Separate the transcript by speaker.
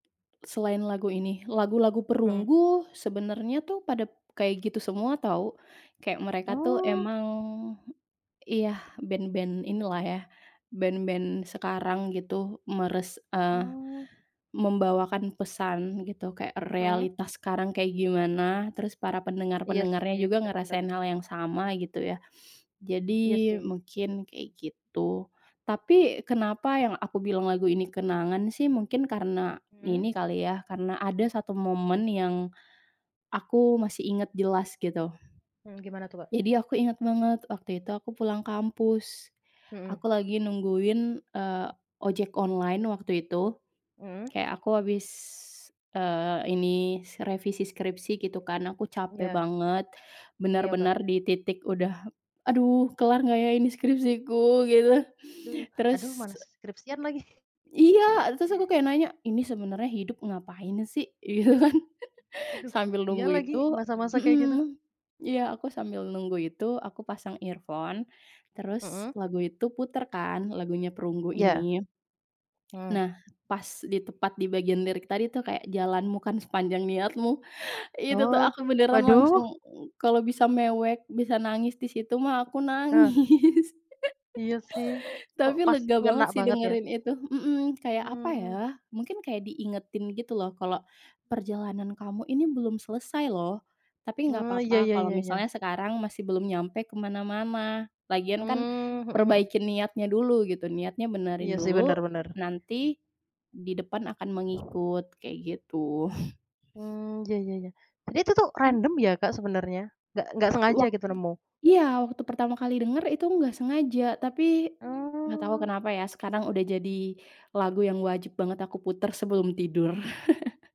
Speaker 1: Selain lagu ini. Lagu-lagu
Speaker 2: Hmm.
Speaker 1: Perunggu, sebenarnya, tuh, pada kayak gitu semua, tahu. Kayak mereka, tuh,
Speaker 2: Oh.
Speaker 1: emang, iya, band-band inilah, ya, band-band sekarang, gitu, meres eee,
Speaker 2: Oh.
Speaker 1: membawakan pesan, gitu. Kayak
Speaker 2: Hmm.
Speaker 1: realitas sekarang kayak gimana, terus para
Speaker 2: Iya, sih,
Speaker 1: pendengar-pendengarnya juga
Speaker 2: benar benar.
Speaker 1: ngerasain hal yang sama, gitu, ya.
Speaker 2: Iya,
Speaker 1: Jadi,
Speaker 2: sih.
Speaker 1: mungkin kayak gitu. Tapi, kenapa yang aku bilang lagu ini kenangan, sih, mungkin karena
Speaker 2: Mmm.
Speaker 1: ini kali, ya, karena ada 1 momen yang, aku masih ingat jelas, gitu.
Speaker 2: Mmm, gimana tuh, Kak?
Speaker 1: Jadi, aku ingat banget, waktu itu, aku pulang kampus,
Speaker 2: Hmm.
Speaker 1: aku lagi nungguin, eee, ojek online waktu itu.
Speaker 2: Mhm.
Speaker 1: Kayak aku habis, eee, ini, revisi skripsi, gitu, kan. Aku capek
Speaker 2: Iya.
Speaker 1: banget,
Speaker 2: Oh, iya, Kak.
Speaker 1: benar-benar di titik udah, "Aduh, kelar enggak, ya, ini skripsiku?" Gitu.
Speaker 2: Aduh aduh,
Speaker 1: Terus
Speaker 2: malas skripsian lagi.
Speaker 1: Iya. Terus, aku kayak nanya, "Ini sebenarnya hidup ngapain, sih?" Gitu, kan.
Speaker 2: Aduh,
Speaker 1: Sambil
Speaker 2: iya
Speaker 1: nunggu
Speaker 2: lagi,
Speaker 1: itu,
Speaker 2: masa-masa kayak gitu.
Speaker 1: mhm, iya, aku sambil nunggu itu, aku pasang earphone, terus
Speaker 2: Mhm.
Speaker 1: lagu itu putar, kan, lagunya Perunggu
Speaker 2: Iya.
Speaker 1: ini.
Speaker 2: Mmm.
Speaker 1: Nah, pas di tepat di bagian lirik tadi, tuh, kayak, "Jalanmu kan sepanjang niatmu", itu, tuh,
Speaker 2: Oh,
Speaker 1: aku beneran
Speaker 2: waduh.
Speaker 1: langsung, kalau bisa mewek, bisa nangis di situ, mah, aku
Speaker 2: Heeh.
Speaker 1: nangis.
Speaker 2: Iya, sih. Kok,
Speaker 1: Tapi,
Speaker 2: pas
Speaker 1: lega
Speaker 2: ngena
Speaker 1: banget, sih,
Speaker 2: banget, ya?
Speaker 1: dengerin itu. Mhm, kayak apa ya,
Speaker 2: Mmm.
Speaker 1: mungkin kayak diingetin, gitu loh, kalau perjalanan kamu ini belum selesai, loh. Tapi, enggak
Speaker 2: Oh, iya
Speaker 1: apa-apa,
Speaker 2: iya
Speaker 1: kalau
Speaker 2: iya iya.
Speaker 1: misalnya sekarang masih belum nyampe ke mana-mana. Lagian, kan,
Speaker 2: Mmm, mhm mhm.
Speaker 1: perbaikin niatnya dulu, gitu. Niatnya
Speaker 2: Iya
Speaker 1: benerin
Speaker 2: sih, benar
Speaker 1: dulu,
Speaker 2: benar.
Speaker 1: nanti, di depan akan mengikut, kayak gitu.
Speaker 2: Mmm, iya iya iya. Tapi, itu, tuh,
Speaker 1: Mmm.
Speaker 2: random, ya, Kak, sebenarnya? Enggak enggak sengaja,
Speaker 1: Wak
Speaker 2: gitu, nemu?
Speaker 1: iya, waktu pertama kali denger, itu enggak sengaja. Tapi, enggak tahu
Speaker 2: Oh.
Speaker 1: kenapa, ya, sekarang udah jadi lagu yang wajib banget aku putar sebelum tidur.